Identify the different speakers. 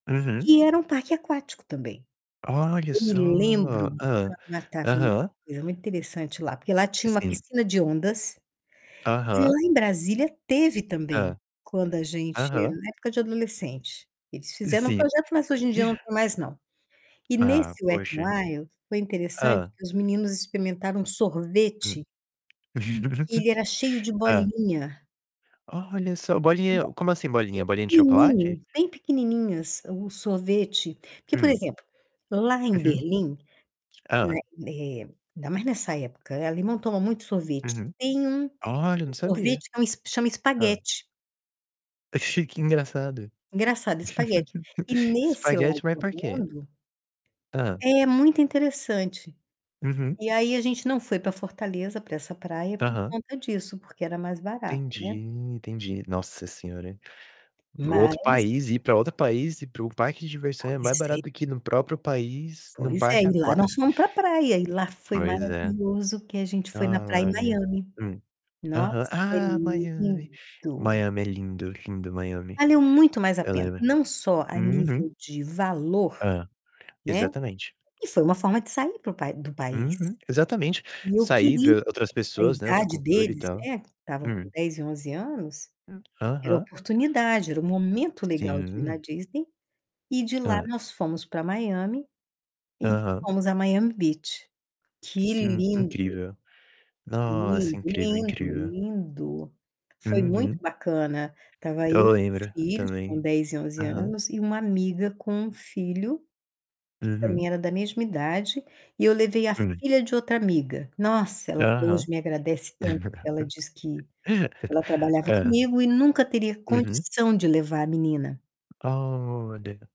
Speaker 1: Uhum.
Speaker 2: Que era um parque aquático também.
Speaker 1: Olha
Speaker 2: Eu
Speaker 1: só.
Speaker 2: me lembro de
Speaker 1: Hã,
Speaker 2: uma [unintelligible]
Speaker 1: aham.
Speaker 2: coisa muito interessante lá, porque lá tinha uma
Speaker 1: Sim.
Speaker 2: piscina de ondas, que
Speaker 1: Aham.
Speaker 2: lá em Brasília teve também
Speaker 1: Hã.
Speaker 2: quando a gente
Speaker 1: Aham.
Speaker 2: na época de adolescente, eles fizeram um
Speaker 1: Sim.
Speaker 2: projeto, mas hoje em dia não tem mais não. E
Speaker 1: Ah,
Speaker 2: nesse Wet'n
Speaker 1: poxa.
Speaker 2: Wild, foi interessante
Speaker 1: Hã.
Speaker 2: que os meninos experimentaram
Speaker 1: Hum.
Speaker 2: sorvete que ele era cheio de
Speaker 1: Hã.
Speaker 2: bolinha.
Speaker 1: Olha só,
Speaker 2: [unintelligible]
Speaker 1: bolinha como assim bolinha?
Speaker 2: bem
Speaker 1: Bolinha de chocolate?
Speaker 2: pequenininho bem pequenininhas o sorvete. Porque, por
Speaker 1: Hum.
Speaker 2: exemplo, lá em
Speaker 1: Uhum.
Speaker 2: Berlim, né,
Speaker 1: Hã.
Speaker 2: eh, ainda mais nessa época, alemão toma muito sorvete.
Speaker 1: Uhum.
Speaker 2: Tem um, que
Speaker 1: Olha, não
Speaker 2: o
Speaker 1: sabia.
Speaker 2: sorvete que é um chama
Speaker 1: Hã.
Speaker 2: espaguete.
Speaker 1: Que engraçado.
Speaker 2: Engraçado, espaguete. E nesse lado
Speaker 1: Espaguete, mas
Speaker 2: do
Speaker 1: por quê?
Speaker 2: mundo
Speaker 1: Hã.
Speaker 2: É, muito interessante.
Speaker 1: Uhum.
Speaker 2: E aí a gente não foi pra Fortaleza, pra essa praia, por
Speaker 1: Aham.
Speaker 2: conta disso, porque era mais barato,
Speaker 1: Entendi,
Speaker 2: né.
Speaker 1: entendi. Nossa Senhora, hein? Para o
Speaker 2: Mas
Speaker 1: outro país ir pra outro país, ir para o parque de diversão é mais
Speaker 2: Pois é.
Speaker 1: barato do que no próprio país, num
Speaker 2: Pois é,
Speaker 1: parque
Speaker 2: e lá nós
Speaker 1: aquático.
Speaker 2: fomos pra praia e lá foi
Speaker 1: Pois é.
Speaker 2: maravilhoso, que a gente foi na praia em
Speaker 1: Olha.
Speaker 2: Miami.
Speaker 1: Hum.
Speaker 2: Nossa,
Speaker 1: Aham.
Speaker 2: é
Speaker 1: Ah, Miami.
Speaker 2: lindo!
Speaker 1: Miami é lindo, lindo Miami.
Speaker 2: Valeu muito mais a
Speaker 1: Eu
Speaker 2: pena,
Speaker 1: lembro
Speaker 2: não só a
Speaker 1: uhum.
Speaker 2: nível de valor,
Speaker 1: Hã.
Speaker 2: né.
Speaker 1: Exatamente.
Speaker 2: E foi uma forma de sair para o pai do país.
Speaker 1: Uhum, exatamente.
Speaker 2: E eu
Speaker 1: Sair,
Speaker 2: queria
Speaker 1: ver outras
Speaker 2: com a
Speaker 1: pessoas, né, outra
Speaker 2: idade
Speaker 1: cultura e
Speaker 2: deles,
Speaker 1: tal.
Speaker 2: né, estavam com
Speaker 1: Hum.
Speaker 2: 10 e 11 anos,
Speaker 1: Hum.
Speaker 2: era a
Speaker 1: Aham.
Speaker 2: oportunidade, era o momento legal de ir na
Speaker 1: Sim.
Speaker 2: Disney e de lá
Speaker 1: Hã.
Speaker 2: nós fomos pra Miami e
Speaker 1: Aham.
Speaker 2: fomos à Miami Beach. Que
Speaker 1: Sim,
Speaker 2: lindo!
Speaker 1: incrível. Nossa,
Speaker 2: Lindo,
Speaker 1: incrível,
Speaker 2: lindo,
Speaker 1: incrível.
Speaker 2: lindo. Foi muito
Speaker 1: Uhum.
Speaker 2: bacana. Estava eu e
Speaker 1: Eu
Speaker 2: meus
Speaker 1: lembro
Speaker 2: filhos,
Speaker 1: também.
Speaker 2: com 10 e 11
Speaker 1: Aham.
Speaker 2: anos, e uma amiga com um filho que também
Speaker 1: Uhum.
Speaker 2: era da mesma idade e eu levei a
Speaker 1: Hum.
Speaker 2: filha de outra amiga. Nossa, ela até hoje
Speaker 1: Aham.
Speaker 2: me agradece tanto, ela diz que ela trabalhava
Speaker 1: Hã.
Speaker 2: comigo e nunca teria
Speaker 1: Uhum.
Speaker 2: condição de levar a menina.
Speaker 1: Olha.